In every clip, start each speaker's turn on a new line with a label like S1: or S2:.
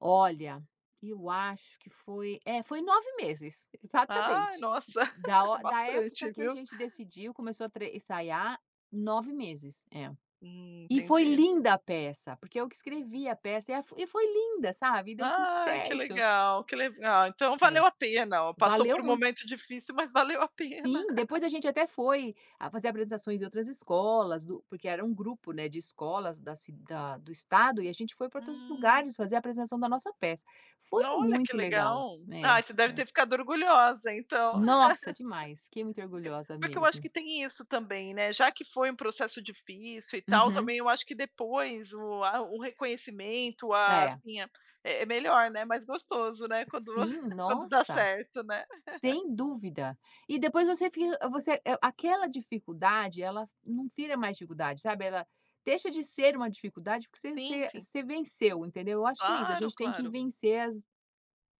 S1: Olha, eu acho que foi é foi 9 meses,
S2: Ai,
S1: exatamente.
S2: nossa,
S1: Da o da época
S2: bastante
S1: que a
S2: viu.
S1: gente decidiu, começou a tre ensaiar, 9 meses, é.
S2: Hum,
S1: E foi
S2: entendi.
S1: linda a peça, porque eu que escrevi a peça e a e foi linda, sabe, deu tudo
S2: Ai, que
S1: certo.
S2: legal, que legal. Então
S1: É,
S2: valeu a pena, passou
S1: valeu
S2: por um
S1: muito.
S2: momento difícil, mas valeu a pena.
S1: Sim, depois a gente até foi a fazer apresentações em outras escolas do porque era um grupo, né, de escolas da ci da do estado e a gente foi pra todos os
S2: Hum.
S1: lugares fazer a apresentação da nossa peça. Foi
S2: Olha, que
S1: muito legal.
S2: legal.
S1: É,
S2: Ai, você deve
S1: é.
S2: ter ficado orgulhosa então.
S1: Nossa, demais! Fiquei muito orgulhosa
S2: Porque eu porque eu acho
S1: mesmo.
S2: que tem isso também, né, já que foi um processo difícil e tal,
S1: Uhum.
S2: também eu acho que depois o a o reconhecimento ah,
S1: É.
S2: sim é melhor, né, mais gostoso, né, quando
S1: Sim,
S2: quando dá
S1: nossa,
S2: certo, né.
S1: sem dúvida. E depois você fica você, eh, aquela dificuldade ela não vira mais dificuldade, sabe, ela deixa de ser uma dificuldade porque você
S2: Sim,
S1: você
S2: sim.
S1: você venceu, entendeu. Eu acho que é isso, a
S2: Claro,
S1: gente tem que
S2: claro.
S1: vencer as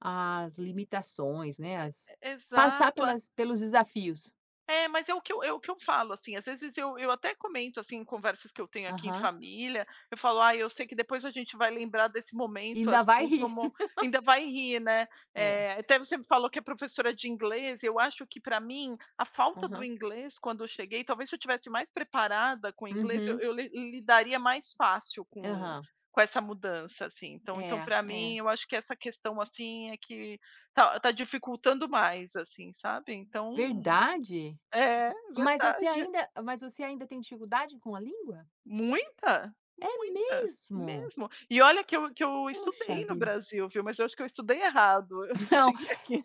S1: as limitações, né,
S2: E
S1: as
S2: e
S1: passar
S2: exato a
S1: pelas pelos desafios.
S2: É, mas é o que eu é o que eu falo, assim, às vezes eu eu até comento, assim, em conversas que eu tenho aqui em
S1: Aham.
S2: família, eu falo: "Ai, eu sei que depois a gente vai lembrar desse
S1: E
S2: momento,
S1: ainda vai
S2: assim,
S1: rir.
S2: como ainda vai rir, né".
S1: É.
S2: Eh, até você falou que é professora de inglês, eu acho que pra mim a falta do
S1: Aham.
S2: inglês quando eu cheguei, talvez se eu estivesse mais preparada com o inglês eu
S1: Uhum.
S2: eu lidaria mais fácil com
S1: Aham.
S2: com essa mudança, assim. Então então
S1: É,
S2: pra mim,
S1: é.
S2: eu acho que essa questão, assim, é que tá tá dificultando mais, assim, sabe, então
S1: Verdade?
S2: é
S1: Mas você
S2: verdade.
S1: ainda mas você ainda tem dificuldade com a língua?
S2: Muita,
S1: É
S2: muita,
S1: mesmo?
S2: mesmo. E olha que eu que eu
S1: Puxa
S2: estudei no
S1: vida.
S2: Brasil, viu, mas eu acho que eu estudei errado, se eu
S1: Não,
S2: cheguei aqui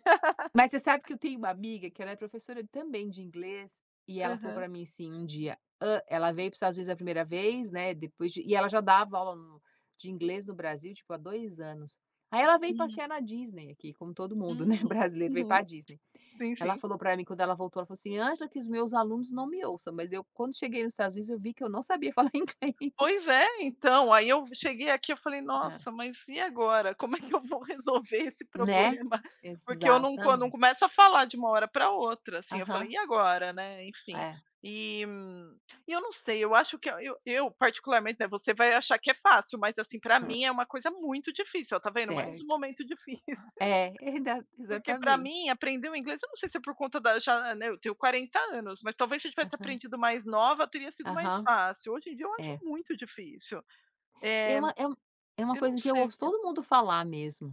S1: mas você sabe que eu tenho uma amiga que ela é professora também de inglês e ela falou
S2: Aham.
S1: pra mim assim um dia, hã, ela veio para o Estados Unidos a 1º vez, né, depois de e ela já dava aula no de inglês no Brasil, tipo, há 2 anos. Aí ela veio
S2: Hum.
S1: passear na Disney aqui, como todo mundo, né,
S2: Hum,
S1: brasileiro veio pra
S2: uhum,
S1: Disney.
S2: sim
S1: Ela
S2: sim.
S1: falou pra mim quando ela voltou, ela falou assim: "Angela, que os meus alunos não me ouçam, mas eu quando cheguei nos Estados Unidos eu vi que eu não sabia falar inglês".
S2: Pois é, então, aí eu cheguei aqui, eu falei:
S1: É.
S2: "Nossa, mas e agora? Como é que eu vou resolver esse
S1: Né,
S2: problema?". Porque eu não eu não
S1: Exatamente.
S2: começo a falar de uma hora pra outra, assim, eu falei:
S1: Aham.
S2: "E agora, né", enfim.
S1: É.
S2: E e eu não sei, eu acho que eu eu particularmente, né, você vai achar que é fácil, mas, assim, pra
S1: [unintelligible]
S2: mim é uma coisa muito difícil. Ó, tá vendo, mais um
S1: Certo.
S2: momento difícil.
S1: É, erda
S2: Porque pra
S1: exatamente.
S2: mim aprender o inglês, eu não sei se é por conta da já né, eu tenho 40 anos, mas talvez se eu tivesse
S1: Aham.
S2: aprendido mais nova teria sido mais
S1: Aham,
S2: fácil. Hoje em dia eu acho
S1: é.
S2: muito difícil,
S1: É
S2: eh,
S1: um é um é uma
S2: eu não
S1: coisa que eu
S2: sei o
S1: ouço
S2: que é.
S1: todo mundo falar mesmo.